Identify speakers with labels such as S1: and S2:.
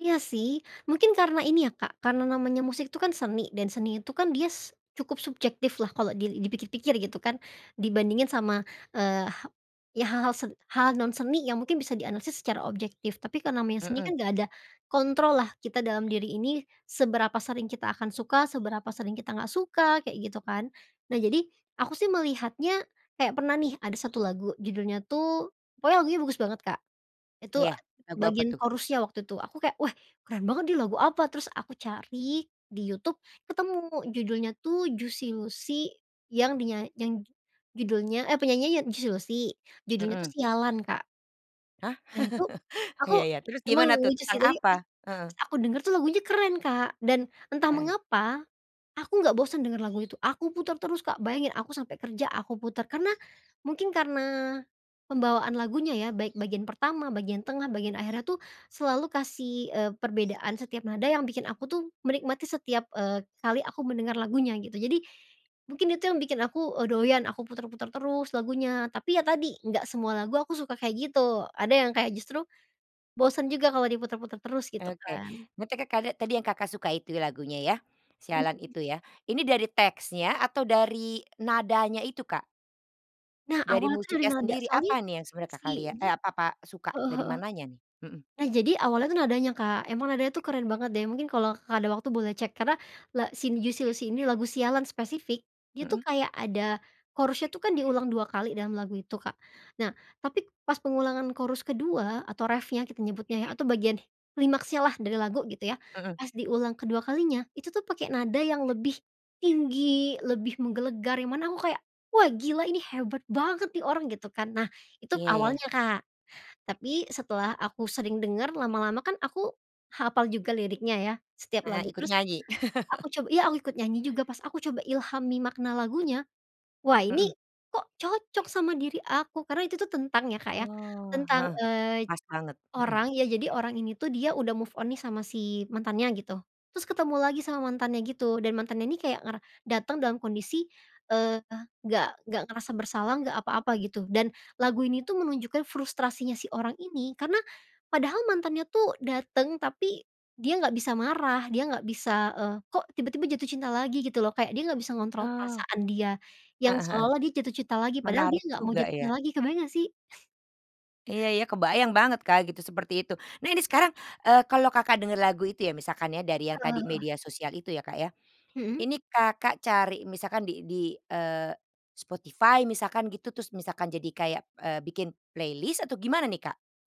S1: Iya sih, mungkin karena ini ya Kak, karena namanya musik itu kan seni, dan seni itu kan dias cukup subjektif lah kalau dil dipikir-pikir gitu kan, dibandingin sama, eee, ha ya hal-hal sen hal-hal non seni yang mungkin bisa dianalisis secara objektif. Tapi kalau namanya seni
S2: Mhm.
S1: kan nggak ada kontrol lah kita dalam diri ini, seberapa sering kita akan suka, seberapa sering kita nggak suka, kayak gitu kan. Nah jadi, aku sih melihatnya, kayak pernah nih ada satu lagu, judulnya tuh pokoknya lagunya bagus banget Kak, itu
S2: Iya, lagu apa
S1: bagian
S2: tuh?
S1: chorus-nya waktu itu aku kayak, "Wah keren banget nih lagu apa?" Terus aku cari di Youtube ketemu judulnya tuh, Juicy Luicy yang di nya yang judulnya eh penyanyinya ya Juicy Luicy, judulnya tuh
S2: Mhm.
S1: "Sialan", Kak.
S2: Hah?
S1: Nah itu, aku,
S2: Iya iya. terus
S1: emang
S2: gimana tuh,
S1: lucu sih
S2: tentang
S1: tapi
S2: apa?
S1: pas
S2: Heeh.
S1: aku dengar tuh lagunya keren, Kak. Dan, entah
S2: Heeh.
S1: mengapa aku nggak bosen denger lagu itu, aku puter terus, Kak. Bayangin, aku sampai kerja aku puter. Karena, mungkin karena pembawaan lagunya ya, baik bagian pertama, bagian tengah, bagian akhirnya tuh, selalu kasih, eee, perbedaan setiap nada yang bikin aku tuh, menikmati setiap kali, eee, aku mendengar lagunya gitu. Jadi, mungkin itu yang bikin aku, e doyan, aku puter-puter terus lagunya. Tapi ya tadi, nggak semua lagu aku suka, kayak gitu. Ada yang kayak justru bosen juga kalau diputar-putar terus, gitu
S2: Oke,
S1: kan.
S2: mete Kakak tadi yang Kakak suka itu lagunya ya, "Sialan"
S1: Mhm.
S2: itu ya. Ini dari teksnya atau dari nadanya itu, Kak?
S1: Nah
S2: Dari
S1: awalnya tuh dari
S2: musiknya
S1: nada
S2: sendiri,
S1: soalnya,
S2: apa nih yang sebenarnya Kakak
S1: si,
S2: liat,
S1: ja
S2: eh apa apa suka
S1: heeh
S2: dari
S1: heeh.
S2: mananya nih? Mhm.
S1: Jadi awalnya tuh nadanya Kak, emang nadanya tuh keren banget deh, mungkin kalau Kakak ada waktu boleh cek karena la si Juicy Luicy ini lagu "Sialan" spesifik, dia tuh
S2: Mhm.
S1: kayak ada chorus-nya tuh kan diulang dua kali dalam lagu itu, Kak. Nah, tapi pas pengulangan chorus kedua atau reff-nya, kita nyebutnya ya, atau bagian klimaksnya lah dari lagu gitu ya.
S2: Mhm.
S1: Pas diulang kedua kalinya, itu tuh pakai nada yang lebih tinggi, lebih menggelegar, yang mana aku kayak, "wah gila ini, hebat banget nih orang" gitu kan. Nah, itu
S2: Iya iya.
S1: awalnya, Kak. Tapi, setelah aku sering denger, lama-lama kan aku hafal juga liriknya ya, setiap
S2: Karena
S1: lagu.
S2: ikut
S1: Terus,
S2: nyanyi?
S1: a aku coba iya aku ikut nyanyi juga pas aku coba ilhami makna lagunya. Wah ini,
S2: Mhm.
S1: kok cocok sama diri aku. Karena itu tuh tentang ya Kak ya,
S2: Oh,
S1: tentang,
S2: heeh.
S1: eee,
S2: Pas banget, mhm.
S1: orang, ya jadi orang ini tuh dia udah move on nih sama si mantannya gitu, terus ketemu lagi sama mantannya gitu, dan mantannya ini kayak ngara dateng dalam kondisi, eee, nggak nggak ngerasa bersalah, nggak apa-apa gitu. Dan lagu ini tuh menunjukkan frustrasinya si orang ini, karena padahal mantannya tuh dateng, tapi dia nggak bisa marah, dia nggak bisa, eee, kok tiba-tiba jatuh cinta lagi gitu loh, kayak dia nggak bisa ngontrol
S2: Ah.
S1: perasaan dia, yang
S2: Heeh heeh.
S1: seolah-olah dia jatuh cinta lagi, padahal dia
S2: Menarik
S1: nggak mau
S2: juga
S1: jatuh cinta
S2: ya.
S1: lagi, kebayang nggak sih?
S2: Iya iya, kebayang banget Kak gitu, seperti itu. Nah ini sekarang, eee, kalau Kakak dengar lagu itu ya, misalkan ya dari yang
S1: Heeh
S2: tadi
S1: heeh.
S2: media sosial itu ya Kak ya.
S1: Mhm.
S2: Ini Kakak cari misalkan di di eee, Spotify misalkan gitu terus misalkan jadi kayak, eee, bikin playlist atau gimana nih, Kak?